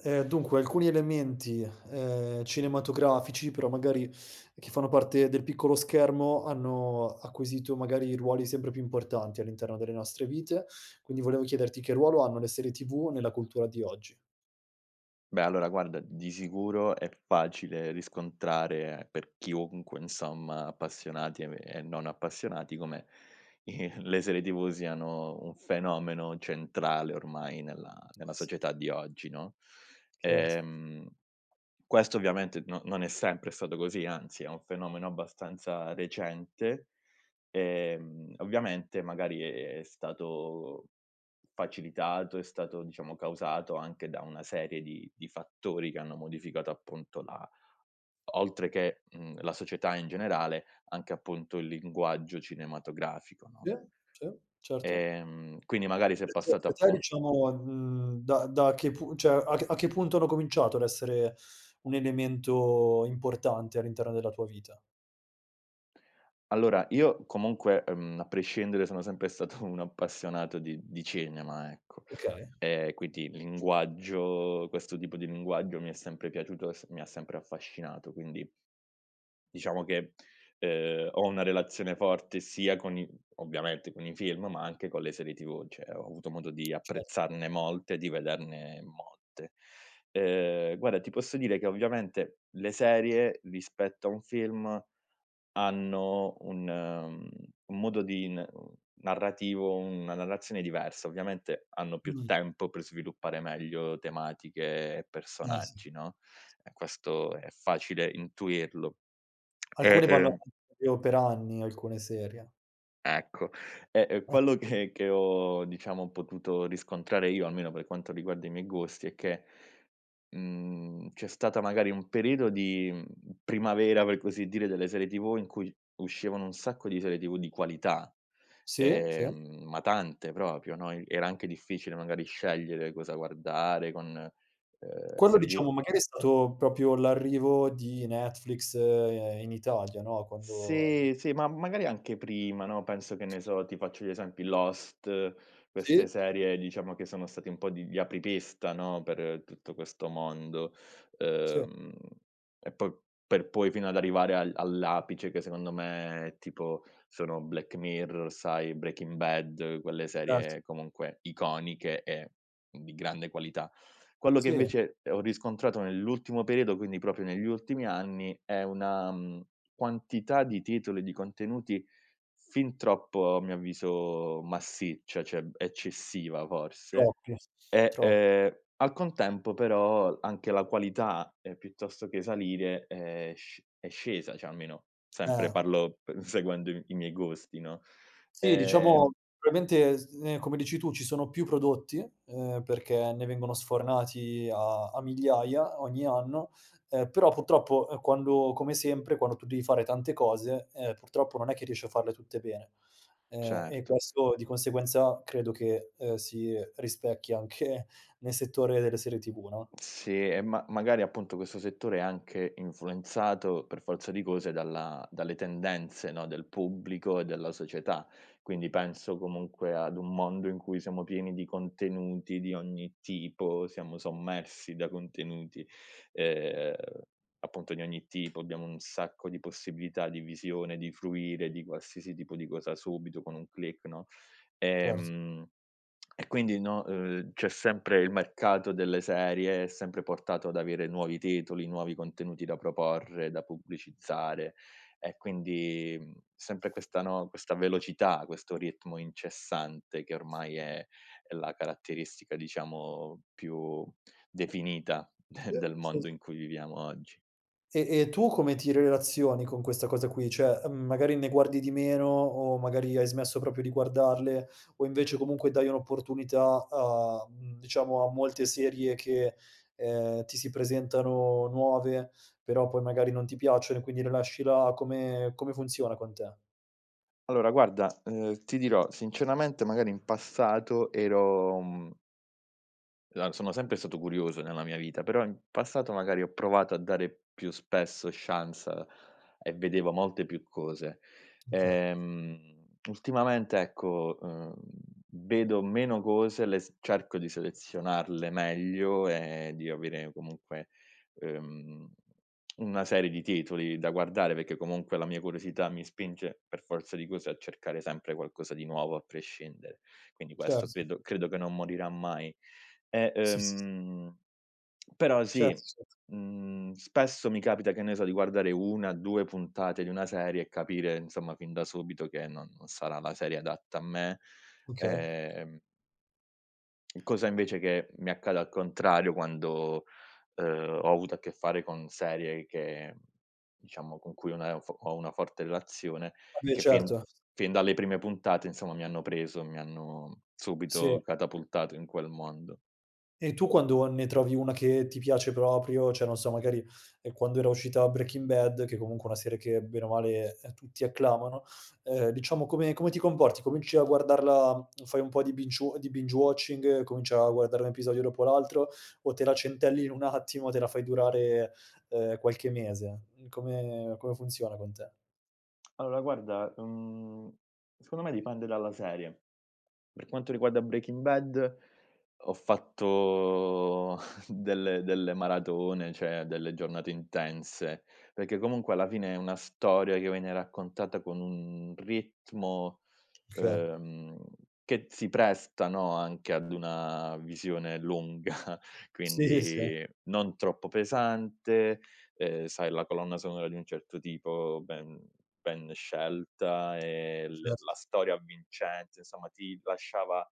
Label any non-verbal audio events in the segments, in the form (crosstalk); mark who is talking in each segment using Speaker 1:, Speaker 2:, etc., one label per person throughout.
Speaker 1: Uhm, dunque alcuni elementi, ehm, cinematografici però magari che fanno parte del piccolo schermo hanno acquisito magari ruoli sempre più importanti all'interno delle nostre vite. Quindi volevo chiederti che ruolo hanno le serie TV nella cultura di oggi?
Speaker 2: Beh allora guarda di sicuro è facile riscontrare per chiunque, insomma appassionati e e non appassionati, come, i le serie TV siano un fenomeno centrale ormai nella nella
Speaker 1: Eh sì.
Speaker 2: società di oggi, no.
Speaker 1: Scherzo.
Speaker 2: Ehm, questo ovviamente no non è sempre stato così, anzi, è un fenomeno abbastanza recente, ehm, ovviamente magari è stato facilitato è stato diciamo causato anche da una serie di di fattori che hanno modificato appunto la oltre che, uhm, la società in generale anche appunto il linguaggio cinematografico, no?
Speaker 1: Sì, sì, certo.
Speaker 2: Ehm, quindi magari s'è passata
Speaker 1: (unintelligible)
Speaker 2: appu
Speaker 1: diciamo, uhm, da da che pu cioè a che a che punto hanno cominciato ad essere un elemento importante all'interno della tua vita?
Speaker 2: Allora io comunque, uhm, a prescindere sono sempre stato un appassionato di di cinema, ecco.
Speaker 1: Okay.
Speaker 2: Ehm, quindi linguaggio questo tipo di linguaggio mi è sempre piaciuto e s mi ha sempre affascinato, quindi diciamo che, ehm, ho una relazione forte sia con i ovviamente con i film, ma anche con le serie TV, cioè ho avuto modo di
Speaker 1: Cer
Speaker 2: apprezzarne molte e di vederne molte. Ehm, guarda, ti posso dire che ovviamente le serie rispetto a un film, hanno un un modo di n narrativo, una narrazione diversa, ovviamente hanno più
Speaker 1: Mh-mh.
Speaker 2: tempo per sviluppare meglio tematiche e
Speaker 1: Ah sì.
Speaker 2: personaggi, no. E questo è facile intuirlo. E,
Speaker 1: Alcune vanno
Speaker 2: ehm
Speaker 1: avan proprio per anni, alcune serie.
Speaker 2: Ecco. Ehm,
Speaker 1: Ah
Speaker 2: quello
Speaker 1: s
Speaker 2: che che ho diciamo potuto riscontrare io, almeno per quanto riguarda i miei gusti, è che, mhmm, c'è stata magari un periodo di, uhm, primavera, per così dire, delle serie TV in cui uscivano un sacco di serie TV di qualità.
Speaker 1: Sì, sì.
Speaker 2: Ehm, ma tante proprio, no, e era anche difficile magari scegliere cosa guardare con, uhm,
Speaker 1: Quando
Speaker 2: serie TV
Speaker 1: diciamo magari è stato proprio l'arrivo di Netflix in Italia, no? Quando
Speaker 2: Sì, sì, ma magari anche prima, no, penso, che ne
Speaker 1: (unintelligible)
Speaker 2: so, ti faccio gli esempi Lost,
Speaker 1: Sì,
Speaker 2: queste
Speaker 1: sì.
Speaker 2: serie diciamo che sono stati un po' di gli apripista, no, per tutto questo mondo.
Speaker 1: Sì.
Speaker 2: Uhm, e poi per poi fino ad arrivare al all'apice che secondo me, tipo, sono Black Mirror, sai, Breaking Bad, quelle
Speaker 1: Cert
Speaker 2: serie comunque iconiche e di grande qualità. Quello che
Speaker 1: Sì.
Speaker 2: invece ho riscontrato nell'ultimo periodo, quindi proprio negli ultimi anni, è una mhmm, quantità di titoli e di contenuti fin troppo a mio avviso massiccia, cioè eccessiva forse,
Speaker 1: Troppi,
Speaker 2: e,
Speaker 1: tro
Speaker 2: ehm, al contempo però anche la qualità, ehm, piuttosto che salire è sc è scesa, cioè almeno, sempre
Speaker 1: Eh.
Speaker 2: parlo p seguendo i i miei gusti, no?
Speaker 1: Sì,
Speaker 2: Ehm
Speaker 1: diciamo probabilmente s ehm, come dici tu ci sono più prodotti, ehm, perché ne vengono sfornati a a migliaia ogni anno, ehm, però purtroppo, ehm, quando come sempre, quando tu devi fare tante cose, ehm, purtroppo non è che riesci a farle tutte bene. Ehm, e
Speaker 2: Certo.
Speaker 1: questo di conseguenza credo che, ehm, si, uhm, rispecchia anche nel settore delle serie TV, no?
Speaker 2: Sì e ma magari appunto questo settore è anche influenzato, per forza di cose, dalla dalle tendenze, no, del pubblico e della società. Quindi penso comunque ad un mondo in cui siamo pieni di contenuti di ogni tipo, siamo sommersi da contenuti, ehm, appunto di ogni tipo, abbiamo un sacco di possibilità di visione, di fruire di qualsiasi tipo di cosa subito, con un click, no?
Speaker 1: Cert
Speaker 2: Ehm, e quindi no uhm, c'è sempre il mercato delle serie, è sempre portato ad avere nuovi titoli, nuovi contenuti da proporre, da pubblicizzare, e quindi, uhm, sempre questa, no, questa velocità, questo ritmo incessante che ormai è è la caratteristica diciamo più definita d
Speaker 1: Eh,
Speaker 2: del
Speaker 1: se s
Speaker 2: mondo in cui viviamo oggi.
Speaker 1: E e tu come ti relazioni con questa cosa qui, cioè, uhm, magari ne guardi di meno o magari hai smesso proprio di guardarle, o invece comunque dai un'opportunità a, uhm, diciamo a molte serie che, ehm, ti si presentano nuove, però poi magari non ti piacciono e quindi le lasci là? Come come funziona con te?
Speaker 2: Allora guarda, uhm, ti dirò sinceramente, magari in passato ero, mhmm la sono sempre stato curioso nella mia vita, però in passato magari ho provato a dare più spesso chance e vedevo molte più cose.
Speaker 1: Okay.
Speaker 2: Ehm, ultimamente ecco, uhm, vedo meno cose, le s cerco di selezionarle meglio e di avere comunque, uhm, una serie di titoli da guardare perché comunque la mia curiosità mi spinge per forza di cose a cercare sempre qualcosa di nuovo a prescindere. Quindi questo
Speaker 1: Certo.
Speaker 2: credo credo che non morirà mai. E,
Speaker 1: Sì, s
Speaker 2: ehm, però
Speaker 1: Cert
Speaker 2: sì,
Speaker 1: certo.
Speaker 2: mhmm, spesso mi capita che ne so, di guardare 1,2 puntate di una serie e capire insomma fin da subito che no non sarà la serie adatta a me.
Speaker 1: Okay.
Speaker 2: Ehm Cosa, invece, che mi accade al contrario quando, uhm, ho avuto a che fare con serie che, diciamo, con cui ho una f ho una forte relazione,
Speaker 1: Vabbè,
Speaker 2: che fin
Speaker 1: certo.
Speaker 2: fin dalle prime puntate, insomma, mi hanno preso. Mi hanno
Speaker 1: Sì.
Speaker 2: subito catapultato in quel mondo.
Speaker 1: E tu quando o ne trovi una che ti piace proprio, cioè non so, magari, ehm, quando era uscita Breaking Bad, che, comunque, è una serie che, bene o male, tutti acclamano, ehm, diciamo, come come ti comporti? Cominci a guardarla fai un po' di binge-wa di binge-watching, cominci a guardare un episodio dopo l'altro, o te la centellini un attimo, te la fai durare, ehm, qualche mese? Uhm, come-come funziona con te?
Speaker 2: Allora, guarda, ehm, secondo me dipende dalla serie. Per quanto riguarda Breaking Bad, ho fatto (chuckles) delle delle maratone, cioè delle giornate intense. Perché, comunque, alla fine, è una storia che viene raccontata con un ritmo,
Speaker 1: Okay.
Speaker 2: ehm, che si presta, no, anche ad una visione lunga,
Speaker 1: Sì, sì.
Speaker 2: quindi, non troppo pesante, ehm, sai, la colonna sonora di un certo tipo, ben ben scelta e l
Speaker 1: Certo.
Speaker 2: la storia avvincente. Insomma, ti lasciava,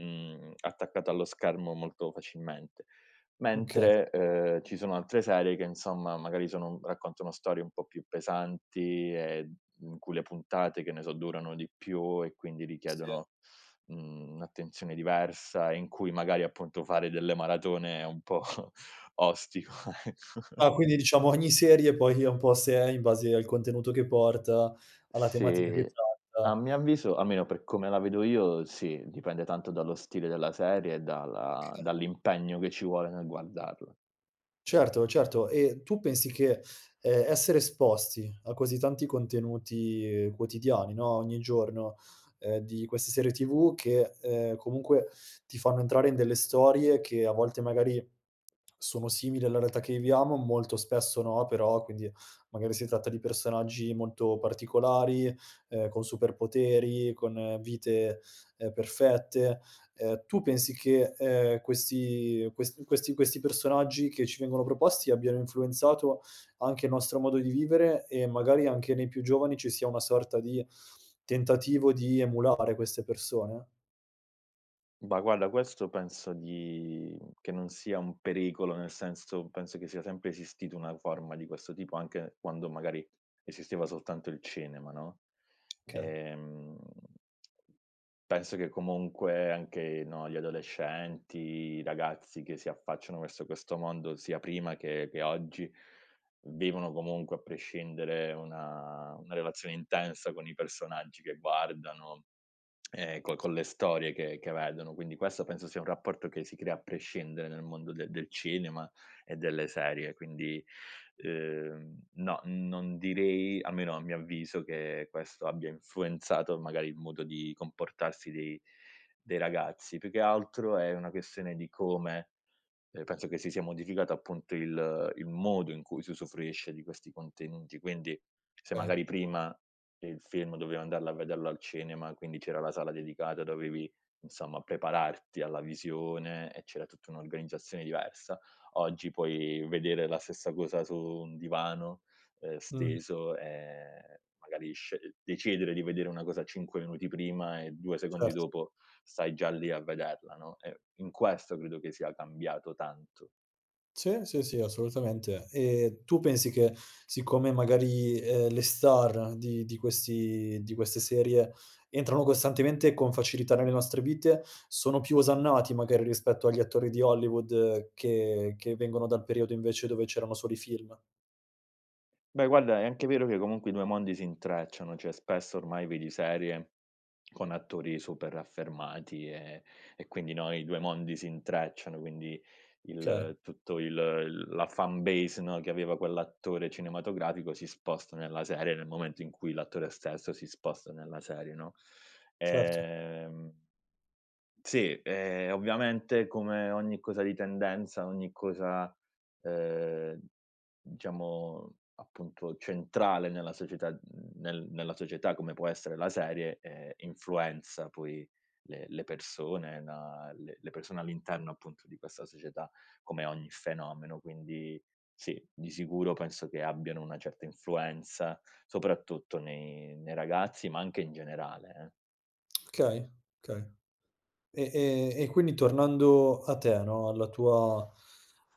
Speaker 2: uhm, attaccato allo schermo molto facilmente.
Speaker 1: Okay.
Speaker 2: Mentre, ehm, ci sono altre serie che, insomma, magari, sono raccontano storie un po' più pesanti e, uhm in cui le puntate, che ne so, durano di più e quindi
Speaker 1: Sì.
Speaker 2: richiedono, mhmm, un'attenzione diversa, in cui, magari, appunto, fare delle maratone è un po' (chuckles) ostico, ecco. (chuckles)
Speaker 1: Ah, quindi, diciamo, ogni serie poi è un po' a sé, in base al contenuto che porta, alla tematica che
Speaker 2: Sì. A
Speaker 1: tratta
Speaker 2: mio avviso almeno per come la vedo io, sì. Dipende tanto dallo stile della serie e dalla
Speaker 1: Okay.
Speaker 2: dall'impegno che ci vuole nel guardarla.
Speaker 1: Certo, certo, e tu pensi che, ehm, essere esposti a così tanti contenuti quotidiani, no, ogni giorno, ehm, di queste serie TV che, ehm, comunque ti fanno entrare in delle storie che a volte magari sono simili alla realtà che viviamo, molto spesso no, però, quindi magari si tratta di personaggi molto particolari, ehm, con superpoteri, con vite, ehm, perfette. Ehm, tu pensi che, ehm, questi ques questi questi personaggi che ci vengono proposti abbiano influenzato anche il nostro modo di vivere e magari anche nei più giovani ci sia una sorta di, tentativo di emulare queste persone?
Speaker 2: Bah, guarda questo penso di che non sia un pericolo, nel senso penso che sia sempre esistito una forma di questo tipo anche quando magari esisteva soltanto il cinema, no?
Speaker 1: Okay.
Speaker 2: Ehm penso che comunque anche, no, gli adolescenti, i ragazzi che si affacciano verso questo mondo sia prima che che oggi, vivono comunque a prescindere una una relazione intensa con i personaggi che guardano, e co con
Speaker 1: (unintelligible)
Speaker 2: le storie che che vedono, quindi questo penso sia un rapporto che si crea a prescindere nel mondo de del cinema e delle serie. Quindi, uhm, no, non direi almeno a mio avviso, che questo abbia influenzato magari il modo di comportarsi dei dei ragazzi, più che altro è una questione di come, ehm, penso che si sia modificato appunto il il modo in cui si usufruisce di questi contenuti. Quindi, se
Speaker 1: Okay.
Speaker 2: magari prima, il film dovevi andarlo a vederlo al cinema, quindi c'era la sala dedicata, dovevi, insomma, prepararti alla visione e c'era tutta un'organizzazione diversa, oggi puoi vedere la stessa cosa su un divano, ehm,
Speaker 1: Mh-mh.
Speaker 2: steso, e magari sce decidere di vedere una cosa 5 minuti prima e 2 secondi
Speaker 1: Cert
Speaker 2: dopo stai già lì a vederla, no, e in questo credo che sia cambiato tanto.
Speaker 1: C sì, sì, assolutamente, e tu pensi che siccome magari, ehm, le star di di questi di queste serie, entrano costantemente con facilità nelle nostre vite, sono più osannati magari rispetto agli attori di Hollywood che che vengono dal periodo invece dove c'erano solo i film?
Speaker 2: Beh guarda, è anche vero che comunque i 2 mondi si intrecciano, cioè spesso ormai vedi serie, con attori super affermati e e quindi, no, i due mondi si intrecciano, quindi,
Speaker 1: Che
Speaker 2: il tutto il il la fan base no, che aveva quell'attore cinematografico si sposta nella serie nel momento in cui l'attore stesso si sposta nella serie, no,
Speaker 1: Certo.
Speaker 2: ehm sì, ehm, ovviamente come ogni cosa di tendenza, ogni cosa, ehm, diciamo appunto centrale nella società nel nella società come può essere la serie, ehm, influenza poi le le persone e na le le persone all'interno appunto di questa società, come ogni fenomeno, quindi, sì, di sicuro penso che abbiano una certa influenza, soprattutto nei nei ragazzi, ma anche in generale eh.
Speaker 1: Okay, okay. E e e quindi tornando a te no, alla tua,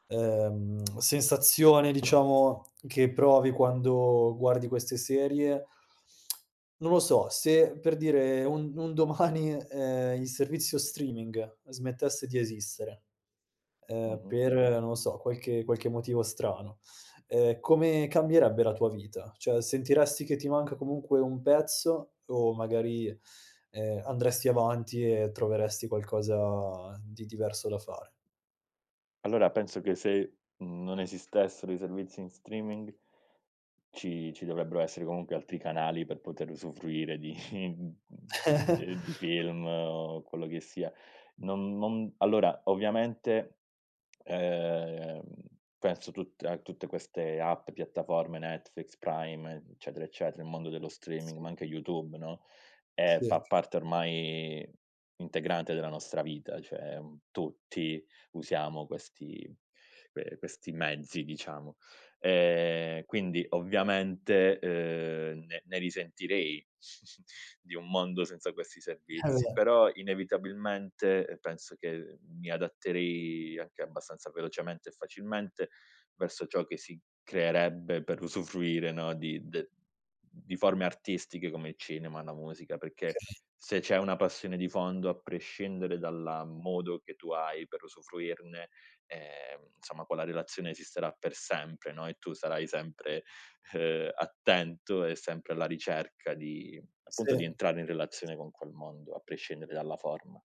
Speaker 1: ehm, (tsk) sensazione diciamo che provi quando guardi queste serie (tsk) Non lo so, se, per dire, un un domani, ehm, il servizio streaming, ehm smettesse di esistere, ehm,
Speaker 2: Mh-mh.
Speaker 1: per non lo so, qualche qualche motivo strano, ehm, come cambierebbe la tua vita? Cioè sentiresti che ti manca comunque un pezzo, o magari, ehm, andresti avanti e troveresti qualcosa di diverso da fare?
Speaker 2: Allora penso che se, uhm, non esistessero i servizi in streaming ci ci dovrebbero essere comunque altri canali per poter usufruire di uhm uhm, ehm, di
Speaker 1: (chuckles)
Speaker 2: film o quello che sia. Non non allora ovviamente, ehm, penso tutte a tutte queste app, piattaforme Netflix, Prime, eccetera, eccetera, il mondo dello streaming ma
Speaker 1: Sì.
Speaker 2: anche YouTube, no, e
Speaker 1: Sì.
Speaker 2: fa parte ormai integrante della nostra vita, cioè un tutti, usiamo questi, ehm, questi mezzi diciamo, ehm, quindi ovviamente, uhm, ne ne risentirei (chuckles) di un mondo senza questi servizi.
Speaker 1: (unintelligible)
Speaker 2: Però, inevitabilmente, ehm penso che mi adatterei anche abbastanza velocemente e facilmente, verso ciò che si creerebbe per usufruire, no, di de di forme artistiche come il cinema, la musica, perché
Speaker 1: Okay.
Speaker 2: se c'è una passione di fondo, a prescindere dalla modo che tu hai per usufruirne, ehm, insomma quella relazione esisterà per sempre, no, e tu sarai sempre, ehm, attento e sempre alla ricerca di appunto di
Speaker 1: Sì.
Speaker 2: entrare in relazione con quel mondo, a prescindere dalla forma.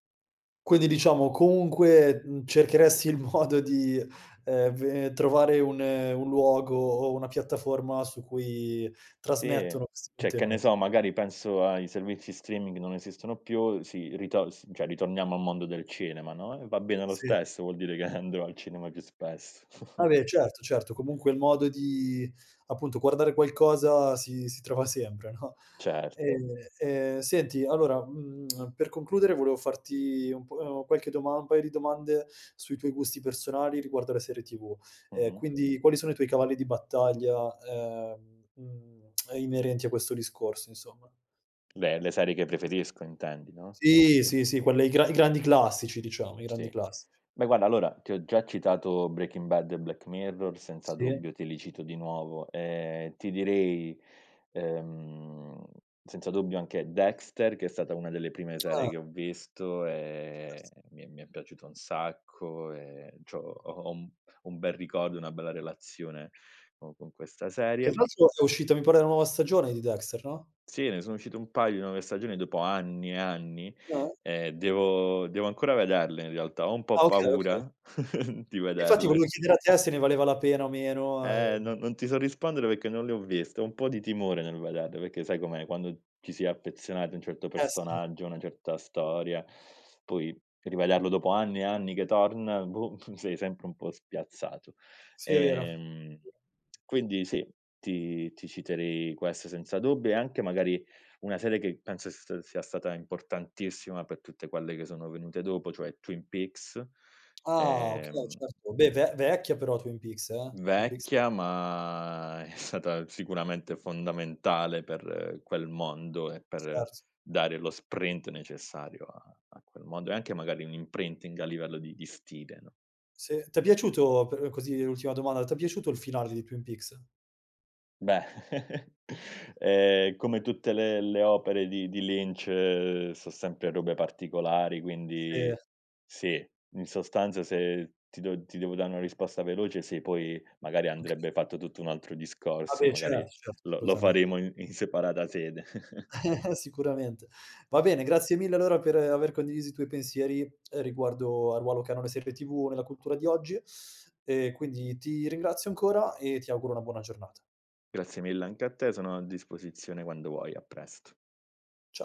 Speaker 1: Quindi, diciamo, comunque, uhm, cercheresti il modo di, ehm, ve trovare un un luogo o una piattaforma su cui
Speaker 2: Sì,
Speaker 1: trasmettono questi
Speaker 2: cioè, che ne
Speaker 1: contenuti.
Speaker 2: so, magari, penso ai servizi streaming non esistono più si ritos cioè ritorniamo al mondo del cinema, no, e va bene lo
Speaker 1: Sì.
Speaker 2: stesso, vuol dire che (chuckles) andrò al cinema più spesso. (chuckles)
Speaker 1: Vabbè, certo, certo, comunque, il modo di, appunto, guardare qualcosa si si trova sempre, no?
Speaker 2: Certo.
Speaker 1: Ehm, ehm, senti, allora, mhmm, per concludere volevo farti un po' uhm, qualche doma un paio di domande sui tuoi gusti personali riguardo le serie TV. Ehm,
Speaker 2: Mh-mh.
Speaker 1: quindi, quali sono i tuoi cavalli di battaglia, ehm, uhm, inerenti a questo discorso, insomma?
Speaker 2: Beh, le serie che preferisco, intendi, no?
Speaker 1: Sì, sì, sì, quelle i gran i grandi classici, diciamo. I grandi
Speaker 2: Sì.
Speaker 1: classici.
Speaker 2: Beh, guarda, allora, ti ho già citato Breaking Bad e Black Mirror, senza
Speaker 1: Sì.
Speaker 2: dubbio te li cito di nuovo. Ehm, ti direi, ehm, senza dubbio anche Dexter, che è stata una delle prime serie
Speaker 1: Ah.
Speaker 2: che ho visto
Speaker 1: (unintelligible)
Speaker 2: e mi è mi è piaciuta un sacco e c'ho ho ho un un bel ricordo, una bella relazione co con questa
Speaker 1: Che, tra
Speaker 2: serie
Speaker 1: l'altro, è uscita, mi pare, una nuova stagione di Dexter, no?
Speaker 2: Sì, ne sono uscite un paio di nuove stagioni dopo anni e anni.
Speaker 1: No?
Speaker 2: Ehm, devo devo ancora vederle in realtà, ho un
Speaker 1: Ah,
Speaker 2: po'
Speaker 1: okay, okay.
Speaker 2: paura (chuckles) di
Speaker 1: Infatti, volevo
Speaker 2: vederle.
Speaker 1: chiedere a te se ne valeva la pena o meno,
Speaker 2: Eh,
Speaker 1: ehm
Speaker 2: no non ti so rispondere, perché non le ho viste. Ho un po' di timore nel vederle perché, sai com'è, quando ci si è affezionati a un certo
Speaker 1: Eh, sì.
Speaker 2: personaggio, una certa storia, poi rivederlo dopo anni e anni che torna, boh, (chuckles) sei sempre un po' spiazzato.
Speaker 1: Sì, è vero.
Speaker 2: Ehm, quindi, sì, ti ti citerei queste senza dubbio e anche, magari, una serie che penso st sia stata importantissima per tutte quelle che sono venute dopo, cioè Twin Peaks,
Speaker 1: Ah, okay.
Speaker 2: ehm
Speaker 1: Certo. Beh, ve vecchia, però Twin Peaks, eh, Twin Peaks
Speaker 2: Vecchia, ma è stata sicuramente fondamentale per quel mondo e per
Speaker 1: Certo.
Speaker 2: dare lo sprint necessario a a quel mondo e anche, magari, un imprinting a livello di di stile, no?
Speaker 1: Sì, t'è piaciuto, per così, l'ultima domanda, t'è piaciuto il finale di Twin Peaks?
Speaker 2: Beh, (chuckles) ehm, come tutte le le opere di di Lynch so' sempre robe particolari,
Speaker 1: Se.
Speaker 2: quindi, sì, in sostanza se ti dev ti devo dare una risposta veloce, sì, poi, magari,
Speaker 1: Okay.
Speaker 2: andrebbe fatto tutto un altro
Speaker 1: Ah,
Speaker 2: discorso e,
Speaker 1: beh,
Speaker 2: magari,
Speaker 1: certo, certo,
Speaker 2: lo lo
Speaker 1: assolutamente.
Speaker 2: faremo in separata sede. (chuckles)
Speaker 1: (chuckles) Sicuramente. Va bene, grazie mille, allora, per aver condiviso i tuoi pensieri, riguardo al ruolo che hanno le serie TV nella cultura di oggi, (sucks teeth) e quindi ti ringrazio ancora e ti auguro una buona giornata.
Speaker 2: Grazie mille anche a te, sono a disposizione quando vuoi. A presto.
Speaker 1: Ciao.